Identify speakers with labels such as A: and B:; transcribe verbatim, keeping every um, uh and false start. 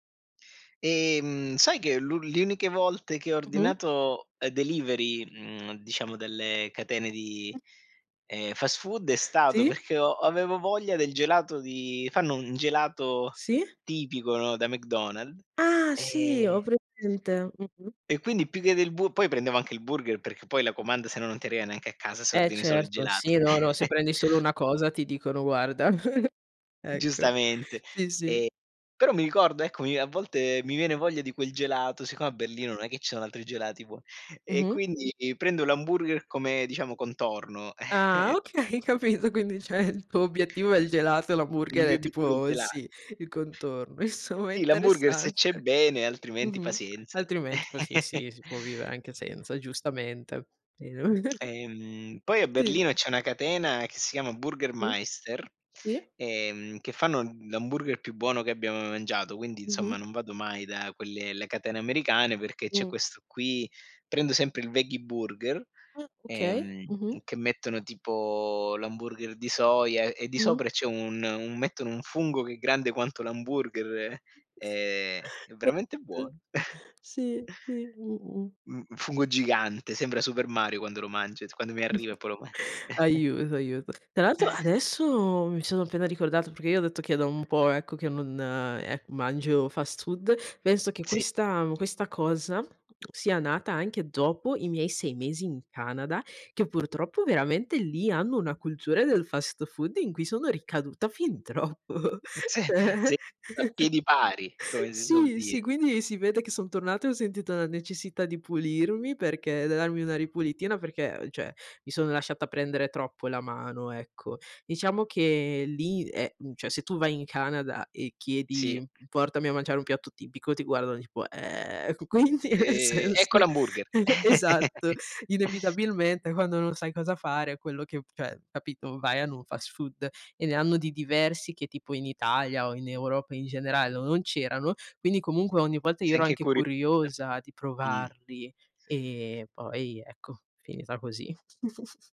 A: Ehm, sai che l le uniche volte che ho
B: Mh-mh.
A: ordinato, ehm, delivery, mhmm, diciamo delle catene di,
B: Mh-mh.
A: ehm, fast food è stato
B: Sì.
A: perché ho avevo voglia del gelato di fanno un un gelato
B: Sì.
A: tipico, no, da McDonald's
B: Ah sì,
A: ehm
B: ovriamente. Mh-mh.
A: e quindi più che del bur poi prendevo anche il burger perché poi la comanda se no, non ti arriva neanche a casa se
B: Eh
A: ordini solo il
B: certo,
A: gelato.
B: sì, no, no, se prendi solo una cosa ti dicono: "Guarda" ecco,
A: Giustamente.
B: sì, sì.
A: Ehm, però mi ricordo, ecco mi a volte mi viene voglia di quel gelato, siccome a Berlino, non è che ci so altri gelati buon e
B: Mh-mh.
A: quindi prendo l'hamburger come, diciamo, contorno, ehm
B: Ah okay, capito, quindi cioè il tuo obiettivo è il gelato e
A: Il
B: l'hamburger
A: mio
B: è
A: obiettivo è il
B: tipo il
A: gela
B: sì, il contorno, insomma è
A: Sì, l'hamburger se c'è
B: interessante.
A: bene, altrimenti
B: Mh-mh.
A: pazienza.
B: Altrimenti poi, sì, sì, si può vivere anche senza, giustamente. [unintelligible]
A: Ehm, poi a
B: Sì.
A: Berlino c'è una catena che si chiama Burger
B: Mh,
A: Maister,
B: sì.
A: ehm, che fanno l'hamburger più buono che abbia mai mangiato, quindi insomma
B: Mh-mh.
A: non vado mai da quelle le catene americane perché c'è
B: Mh.
A: questo qui, prendo sempre il Veggie Burger,
B: Ah, okay,
A: ehm,
B: mh-mh.
A: che mettono tipo l'hamburger di soia e e di
B: Mh-mh.
A: sopra c'è un un mettono un fungo che è grande quanto l'hamburger.
B: S
A: Ehm, è veramente buono.
B: [unintelligible] Sì, sì, mh-mh.
A: Mhmm, un fungo gigante, sembra Super Mario quando lo mangio, s quando mi arriva e poi lo man
B: Aiuto, aiuto. Tra l'altro adesso mi sono appena ricordata, perché io ho detto che è da un po' ecco che non, ehm, mangio fast food, penso che
A: Sì.
B: questa questa cosa, sia nata anche dopo i miei sei mesi in Canada, che purtroppo veramente lì hanno una cultura del fast food in cui sono ricaduta fin troppo,
A: Mh, sì, sì,
B: ceh
A: a piedi pari, come si suol
B: Sì, sì,
A: dire.
B: quindi si vede che son tornata e ho sentito la necessità di pulirmi perché da darmi una ripulitina perché cioè, mi sono lasciata prendere troppo la mano, ecco. Diciamo che lì è mhmm, cioè se tu vai in Canada e
A: Sì.
B: chiedi portami a mangiare un piatto tipico, ti guardano tipo: "Ehm, q quindi? Nel
A: Ehm,
B: senso"
A: ecco l'hamburger.
B: E esatto, inevitabilmente quando non sai cosa fare quello che cioè capito, vai a n un fast food e ne hanno di diversi che tipo in Italia o in Europa in generale, no non c'erano, quindi comunque ogni volta io
A: Sei
B: ero
A: anche
B: anche
A: curi [unintelligible]
B: curiosa di
A: mh.
B: provarli, ehm, poi ecco, finita così.